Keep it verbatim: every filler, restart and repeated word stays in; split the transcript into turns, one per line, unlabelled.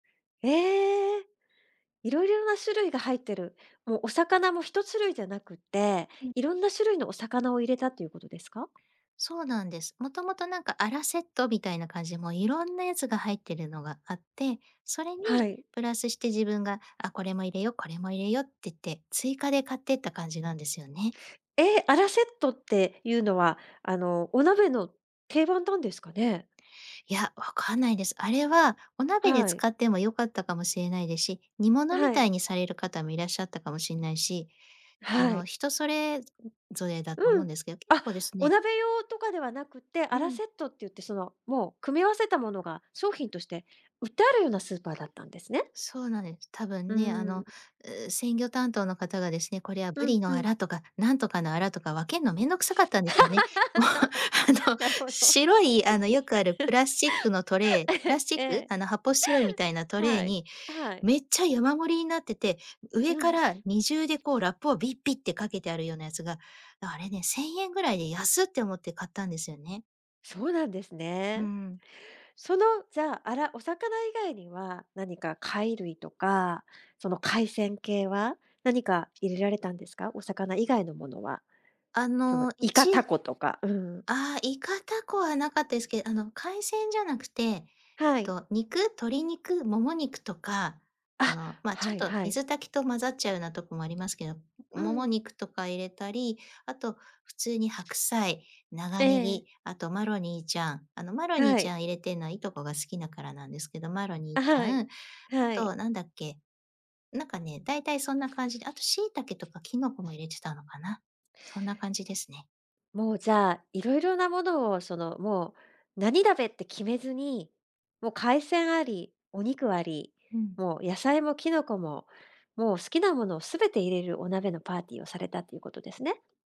ええ！いろいろな種類が入ってる。もうお魚もひとしゅるいじゃなくて、
うん。
いろんな種類のお魚を入れたっていうことですか？
そうなんです。もともとなんか、アラセットみたいな感じ、も、いろんなやつが入ってるのがあって、それに
はい。
プラスして自分が、あ、これも入れよ、これも入れようってって、追加で買ってった感じなんですよね。
え！アラセットってゆうのは、あの、お鍋の定番なんですかね？
いや、わかんないです。あれはお鍋で
はい。
使ってもよかったかもしれないで、し、煮物み
はい
た
r。
いにされる方もいらっしゃったかもしんないし、あ
は
の、
い。
人それぞぞれだと
う
思うん
ん、
ですけど、結
あ、
構です
お
ね
鍋用とかではなくて、
う
アラ
ん。
セットってゆって、その、もう組み合わせたものが商品として売ってあるようなスーパーだったんですね。
そうなんです。多
う
分ね、あ
ー
の、
ん。
う、鮮魚担当の方がですね、これはブ
うん
リの
う
ア
ん。
ラ、とか、なんとかのアラ、とか、分けんの面倒くさかったんでしょうね。もう、あの、
なるほど。
白い、あの、よくあるプラスチックのトレー プラ
ええ、
スチッ
え
ク
え。
あの、発泡スチロールみたいなトレー
はい。
に
はい。
めっちゃ山盛りになってて、上
う
か
ん。
らにじゅうでこう、ラップをビッビッってかけてあるようなやつが、あれね、せんえんぐらいで、安！って思って買ったんですよね。
そうなんです
う
ね。
んうん。
その、じゃ、アラお魚以外には何か貝類とか、その、海鮮系は、何か入れられたんですか？お魚以外のものは。
あ
その、
の、い
イカ、
ちゆ
タコとか、うん。
ああ、イカ、タコはなかったすけ、あの、海鮮じゃなくて、えっ
はい。
と、肉鶏肉もも肉とか、あ
あ、
の、ま、ち
は
ょっ
い
と
はい。
水炊きと混ざっちゃうなとこもありますけど、
う
もも
ん。
肉とか入れたり、あと普通に白菜、長
え
ネ
え。
ギ、あと、マロニーちゃん。あの、マロニー
は
ち
い。
ゃん入れてんのはいとこが好きだからなんですけど、マロニー
あ、
ち
は
ゃ
い。
ん、あ
はい。
と何だっけ？なんかね、大体そんな感じで、あと、椎茸とかキノコも入れてたのかな？そんな感じですね。
もう、じゃあ、いろいろなものを、その、もう、何鍋って決めずに、も、海鮮あり、お肉あり、
うん。
もう、野菜もキノコも、もう、好きなものを全て入れる、お鍋のパーティーをされたっていうことですね。